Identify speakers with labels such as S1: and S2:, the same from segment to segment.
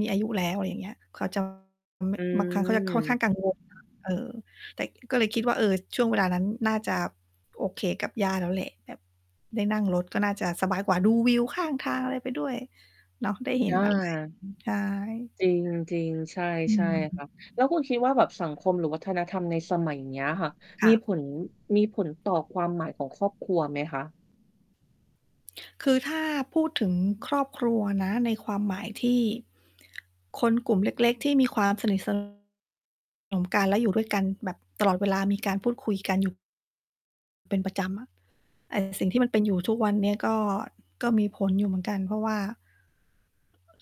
S1: มีอายุแล้ว ไรอย่างเงี้ย เขา จะ อ เม
S2: อ
S1: ะ
S2: ื
S1: บางครั้งเขาจะค่อนข้
S2: ม
S1: าง กังวล เออ แต่ ก็เลยคิดว่า เอ่อ ช่วงเวลานั้นน่าจะโอเคกับย่าแล้วแหละ แบบได้นั่งรถก็น่าจะสบายกว่า ดูวิวข้างทางอะไรไปด้วย เนาะ ได้เห็
S2: อ
S1: น อะไร
S2: า
S1: อือ ใช่
S2: จริง จริง ใช่
S1: อื
S2: ใช่
S1: ม
S2: ค่ะ แล้วคุณคิดว่า แบบสังคมหรือวัฒนธรรมในสมัยเนี้ยค่ะ
S1: ค
S2: ม
S1: ่
S2: ี
S1: ะ
S2: ผล มีผลต่อความหมายของครอบครัวไหมคะ?
S1: คือถ้าพูดถึงครอบครัวนะ ในความหมายที่ คนกลุ่มเล็ก ๆ ที่มีความสนิท สนม กัน แล้วอยู่ด้วยกันแบบตลอดเวลา มีการพูดคุยกัน เป็นประจำอะ เอ่อ สิ่งที่มันเป็นอยู่ทุกวันเนี้ยก็ ก็มีผล อยู่เหมือนกัน เพราะว่า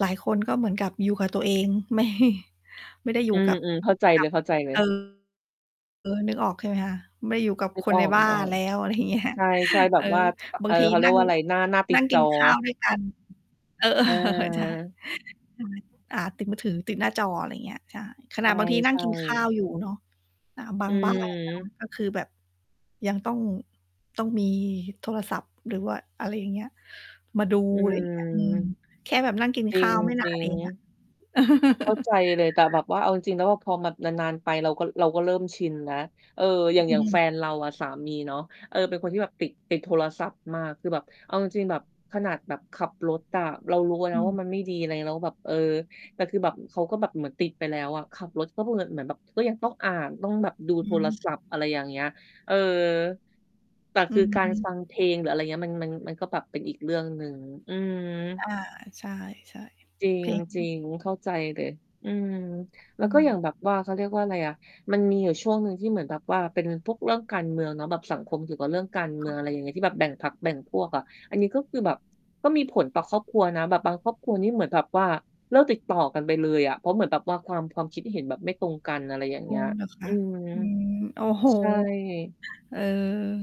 S1: หลายคนก็ เหมือนกับอยู่กับตัวเอง ไม่ ไม่ได้อย
S2: อื
S1: ู่
S2: อ
S1: กับ
S2: ๆ เข้าใจ
S1: ก
S2: เล
S1: ับ เอ
S2: ย ๆ
S1: อ นึกออกใช่ไหมคะ? ไม่อยู่กับ
S2: นึ
S1: ค
S2: ก
S1: น
S2: ออ
S1: ใน
S2: ก
S1: บ
S2: น
S1: ้
S2: ึ
S1: า
S2: กอ
S1: น
S2: อก
S1: แล้ว อะไร เงี้ย
S2: ใช่ ๆ แบ
S1: เ
S2: บ
S1: อ
S2: ว่
S1: อ
S2: าตะ
S1: บ
S2: เ
S1: า
S2: อ
S1: ง
S2: อ
S1: ที
S2: เขาเร
S1: น
S2: ี
S1: ั
S2: ย
S1: ่
S2: ก
S1: ง
S2: ว่าไร หน้า หน้าติ
S1: นั
S2: ด
S1: ่งก
S2: จ
S1: ิน
S2: อ
S1: ข้าวด้วยกัน เออ ๆ ใช่
S2: เออ
S1: ใช่ อ่า ติดมือถือ ติดหน้าจอ อะไรเงี้ย ใช่ ข
S2: ใ
S1: นาดบางทีนั่
S2: ช
S1: ง
S2: ่
S1: กินข้าว
S2: ๆ
S1: อยู่เนาะ อ่า บา
S2: อื
S1: ง บ้านอะน
S2: ม
S1: ะ ก็คือแบบ ยังต้อง ต้องมีโทรศัพท์ หรือว่าอะไรอย่างเงี้ย มาดู
S2: อื
S1: ไร อย่
S2: ม
S1: างเงี้ย อืม แค่แบบนั่งกิน
S2: จร
S1: ข
S2: ิ
S1: ้า
S2: ง
S1: ว ไม่น
S2: จร
S1: า
S2: ิ
S1: นเอ
S2: ง
S1: งอะ
S2: เข้าใจเลย แต่แบบว่าเอาจริง ๆ แล้วอะพอมานาน ๆ ไป เราก็ ร เราก็เริ่มชินแล้ว เออ อย่าง
S1: อื
S2: อย่างแ
S1: ม
S2: ฟนเราอะ สามีเนาะ เออ เป็นคนที่แบบติด ติดโทรศัพท์มาก คือแบบเอาจริง ๆ แบบขนาดแบบขับรถอะ เรารู้แล้ว
S1: อ
S2: น
S1: ื
S2: ะว่า
S1: ม
S2: มันไม่ดี อะไรเงี้ย เราก็แบบ เออ แต่คือแบบ เขาก็แบบเหมือนติดไปแล้วอะ ขับรถก็เมือน เหมือนแบบก็ยังต้องอ่าน ต้องแบบดู
S1: อื
S2: โทร
S1: ม
S2: ศัพท์ อะไรอย่างเงี้ย เออ แต่
S1: อื
S2: คือ
S1: อ
S2: กา
S1: ฮ
S2: ร
S1: ึ
S2: ฟังเพลง หรืออะไรเงี้ย มัน มัน มันก็แบบเป็นอีก เรื่องหนึ่ง อืม
S1: อา ใช่
S2: จริ
S1: ๆ เพ
S2: ง
S1: ล
S2: จริ
S1: ง
S2: ง เข้าใจเลย อืม แล
S1: อ
S2: ้วก็อย่า
S1: ืม
S2: งแบบว่า เขาเรียกว่าไรอะ มันมีอยู่ช่วงหนึ่งที่เหมือนแบบว่าเป็นพวกเรื่องการเมืองเนาะ แบบสังคมเกี่ยวกับเรื่องการเม
S1: ค
S2: ื
S1: ่
S2: อง
S1: ะ
S2: อะไรอย่างงี้ ที่แบบแบ่งพรรคแบ่งพวกอะ อันนี้ ก็คือแบบก็มีผลต่อครอบครัวนะ แบบบางครอบครัวนี่เหมือนแบบว่าเลิกติดต่อกันไปเลยอะ เพราะเหมือนแบบว่าความ ความคิดเห็นแบบไม่ตรงกัน อะไรอย่า
S1: โ
S2: งเ
S1: อ
S2: ง
S1: ้
S2: ี้ย
S1: เหรอค
S2: อื
S1: ะ?
S2: ม
S1: อืม โอ้โฮ
S2: ใช่
S1: เออ